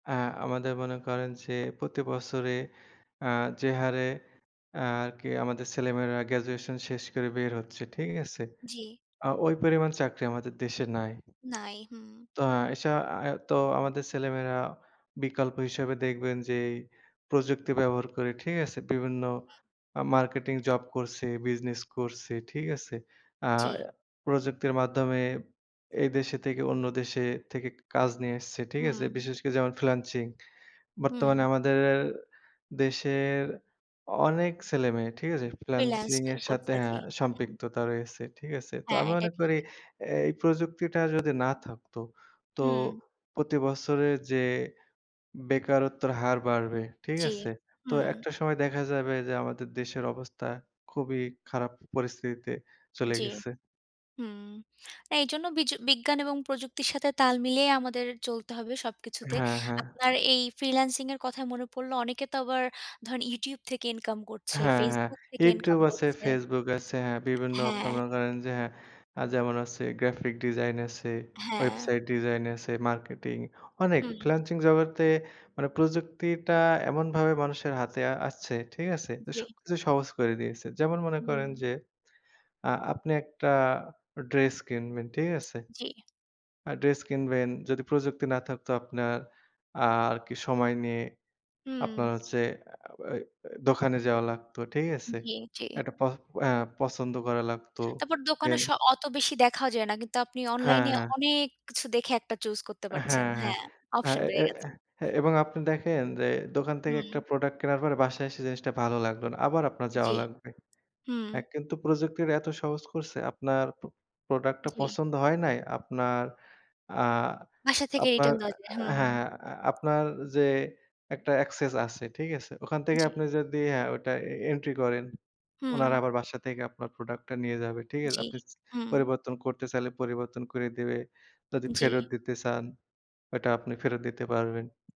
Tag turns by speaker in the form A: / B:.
A: আ আমাদের মনে করেন যে প্রতি বছরে আ যে হারে আর কি আমাদের ছেলেমেয়েরা graduation শেষ করে বের হচ্ছে, ঠিক আছে?
B: জি।
A: আ ওই পরিমাণ চাকরি আমাদের দেশে নাই।
B: নাই, হুম।
A: তো সা আ তো আমাদের ছেলেমেয়েরা বিকল্প হিসেবে দেখবেন যে প্রযুক্তি ব্যবহার করে, ঠিক আছে? বিভিন্ন আ marketing job করছে, business করছে, ঠিক আছে? আ
B: জি।
A: প্রযুক্তির মাধ্যমে এই দেশে থেকে অন্য দেশে থেকে কাজ নিয়ে আসছে, ঠিক আছে?
B: হুম।
A: বিশেষ করে যেমন freelancing
B: হুম।
A: বর্তমানে আমাদের এর দেশের অনেক ছেলেমেয়ে, ঠিক আছে?
B: freelance
A: freelancing
B: কে
A: এর সাথে
B: করছে, জি
A: হ্যাঁ
B: হুম।
A: সম্পৃক্ততা রয়েছে, ঠিক আছে? তো
B: হ্যাঁ,
A: আমি
B: এটা
A: মনে
B: ঠিক।
A: করি এই প্রযুক্তিটা যদি না থাকতো তো
B: হুম।
A: প্রতি বছরে যে বেকারত্বের হার বাড়বে, ঠিক
B: জি,
A: আছে? তো
B: হুম।
A: একটা সময় দেখা যাবে যে আমাদের দেশের অবস্থা খুবই খারাপ পরিস্থিতিতে চলে
B: জি,
A: গেছে।
B: হুম। এইজন্য বিজ বিজ্ঞান এবং প্রযুক্তির সাথে তাল মিলিয়ে আমাদের চলতে হবে সবকিছুতে।
A: হ্যাঁ, হ্যাঁ।
B: আপনার এই freelancing এর কথায় মনে পড়লো অনেকে তো আবার ধরেন YouTube থেকে income করছে,
A: হ্যাঁ, হ্যাঁ।
B: Facebook থেকে income
A: YouTube আছে,
B: করছে।
A: Facebook আছে, হ্যাঁ। বিভিন্ন আপনারা
B: হ্যাঁ।
A: মনে করেন যে হ্যাঁ, আ যেমন আছে graphic design আছে,
B: হ্যাঁ।
A: website design আছে, marketing অনেক
B: হুম।
A: freelancing জগতে মানে প্রযুক্তিটা এমনভাবে মানুষের হাতে আসছে, ঠিক আছে?
B: জি।
A: সবকিছু সহজ করে দিয়েছে। যেমন মনে করেন
B: হুম।
A: যে আ আপনি একটা dress কিনবেন, ঠিক আছে?
B: জি।
A: আ dress কিনবেন যদি প্রযুক্তি না থাকতো আপনার আর কি সময় নিয়ে
B: হুম।
A: আপনার হচ্ছে আ ওই দোকানে যাওয়া লাগতো, ঠিক আছে?
B: জি, জি।
A: একটা পহ অ্যা পছন্দ করা লাগতো।
B: তারপর দোকানে
A: Then
B: স অত বেশি দেখাও যায় না, কিন্তু আপনি
A: হ্যাঁ,
B: online এ
A: হ্যাঁ।
B: অনেক কিছু দেখে একটা choose করতে পারছেন।
A: হ্যাঁ, হ্যাঁ।
B: হ্যাঁ,
A: হ্যাঁ
B: option বেড়ে
A: এ
B: গেছে।
A: এ এবং আপনি দেখেন যে দোকান থেকে একটা
B: হুম।
A: product কেনার পরে বাসায় এসে জিনিসটা ভালো লাগলো না আবার আপনার
B: জি,
A: যাওয়া লাগবে।
B: হুম।
A: অ্যা কিন্তু প্রযুক্তিটা এত সহজ করছে আপনার পো product টা
B: জি।
A: পছন্দ হয় নাই। আপনার আ
B: বাসা থেকে
A: আপনার
B: return দেওয়া যায়,
A: হ্যাঁ,
B: হুম।
A: হ্যাঁ আপনার যে একটা access আছে, ঠিক আছে? ওখান থেকে
B: জি।
A: আপনি যদি হ্যাঁ ওটা এ entry করেন, উনারা
B: হুম।
A: আবার বাসা থেকে আপনার product টা নিয়ে যাবে, ঠিক আছে?
B: জি,
A: আপনি
B: হুম।
A: পরিবর্তন করতে চাইলে পরিবর্তন কইরে দিবে যদি ফেরত
B: জি।
A: দিতে চান, ওটা আপনি ফেরত দিতে পারবেন।